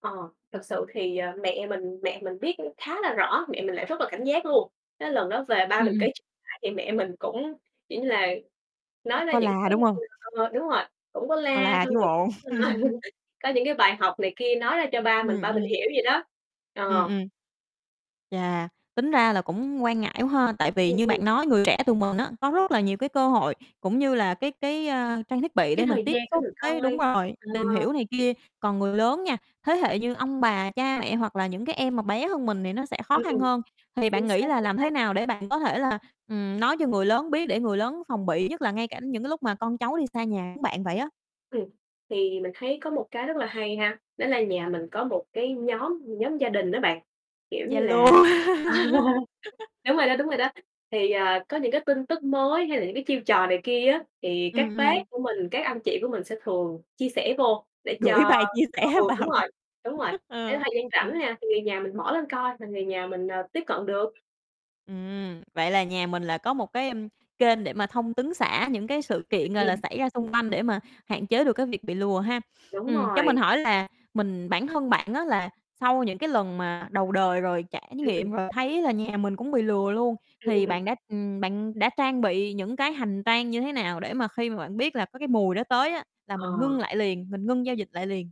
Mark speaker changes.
Speaker 1: Ờ, thực sự thì, à, mẹ mình mẹ mình biết cũng khá là rõ, mẹ mình lại rất là cảnh giác luôn. Cái lần đó về ba
Speaker 2: Ừm,
Speaker 1: mình
Speaker 2: ừm.
Speaker 1: kể ch thì mẹ mình cũng, kiểu như là, nói
Speaker 2: Chắc
Speaker 1: ra
Speaker 2: có
Speaker 1: những
Speaker 2: la,
Speaker 1: cái
Speaker 2: đúng hông?
Speaker 1: ừ, ờ, đúng rồi, cũng có
Speaker 2: Có
Speaker 1: la
Speaker 2: la
Speaker 1: xong
Speaker 2: chứ
Speaker 1: rồi cũng,
Speaker 2: bộ.
Speaker 1: ơ, có những cái bài học này kia nói ra cho ba mình,
Speaker 2: Ừm,
Speaker 1: ba mình
Speaker 2: ừm.
Speaker 1: hiểu vậy đó.
Speaker 2: Ừm,
Speaker 1: Ờ.
Speaker 2: ừm. Chà, tính ra là cũng quan ngại quá ha! Tại vì
Speaker 1: Ừm,
Speaker 2: như
Speaker 1: ừm.
Speaker 2: bạn nói người trẻ tụi mình á có rất là nhiều cái cơ hội cũng như là cái cái, à, trang thiết bị
Speaker 1: Cái
Speaker 2: để mình
Speaker 1: thời
Speaker 2: tiếp
Speaker 1: gian để
Speaker 2: xúc
Speaker 1: mình
Speaker 2: với đúng
Speaker 1: coi,
Speaker 2: rồi, tìm hiểu
Speaker 1: ờ.
Speaker 2: này kia. Còn người lớn nha, thế hệ như ông bà, cha mẹ hoặc là những cái em mà bé hơn mình thì nó sẽ khó
Speaker 1: Ừm,
Speaker 2: khăn
Speaker 1: ừm,
Speaker 2: hơn. Thì bạn
Speaker 1: chính
Speaker 2: nghĩ
Speaker 1: xác,
Speaker 2: là
Speaker 1: chính
Speaker 2: làm
Speaker 1: xác.
Speaker 2: thế nào để bạn có thể là, ừm, nói cho người lớn biết để người lớn phòng bị, nhất là ngay cả những cái lúc mà con cháu đi xa nhà giống bạn vậy á.
Speaker 1: Ừm, thì mình thấy có một cái rất là hay ha, đó là nhà mình có một cái nhóm nhóm gia đình á bạn, kiểu như
Speaker 2: Zalo.
Speaker 1: là ờ, đúng rồi đó, đúng rồi đó. Thì, à, có những cái tin tức mới hay là những cái chiêu trò này kia á thì các
Speaker 2: Ừm,
Speaker 1: bác
Speaker 2: ừm.
Speaker 1: của mình, các anh chị của mình sẽ thường chia sẻ vô để
Speaker 2: Gửi
Speaker 1: cho
Speaker 2: bài chia sẻ
Speaker 1: ừ, đúng
Speaker 2: vào.
Speaker 1: rồi, đúng rồi, để
Speaker 2: Ờ.
Speaker 1: thời gian rảnh nha, thì người nhà mình mở lên coi là người nhà mình, à, tiếp cận được.
Speaker 2: Ừm, vậy là nhà mình là có một cái, ơm, kênh để mà thông tấn xã những cái
Speaker 1: Ừ,
Speaker 2: sự kiện,
Speaker 1: ừ,
Speaker 2: gọi là,
Speaker 1: ừm.
Speaker 2: xảy ra xung quanh để mà hạn chế được cái việc bị lừa ha.
Speaker 1: Đúng
Speaker 2: Ừm, cho mình
Speaker 1: rồi.
Speaker 2: hỏi là mình bản thân bạn á là sau những cái lần mà đầu đời rồi trải
Speaker 1: Ừm, ừm.
Speaker 2: nghiệm rồi, thấy là nhà mình cũng bị lừa luôn
Speaker 1: Ừm, ừm,
Speaker 2: thì
Speaker 1: ừm.
Speaker 2: bạn đã ừm, bạn đã trang bị những cái hành trang như thế nào để mà khi mà bạn biết là có cái mùi đó tới á, là mình
Speaker 1: Ờ.
Speaker 2: ngưng lại liền, mình ngưng giao dịch lại liền?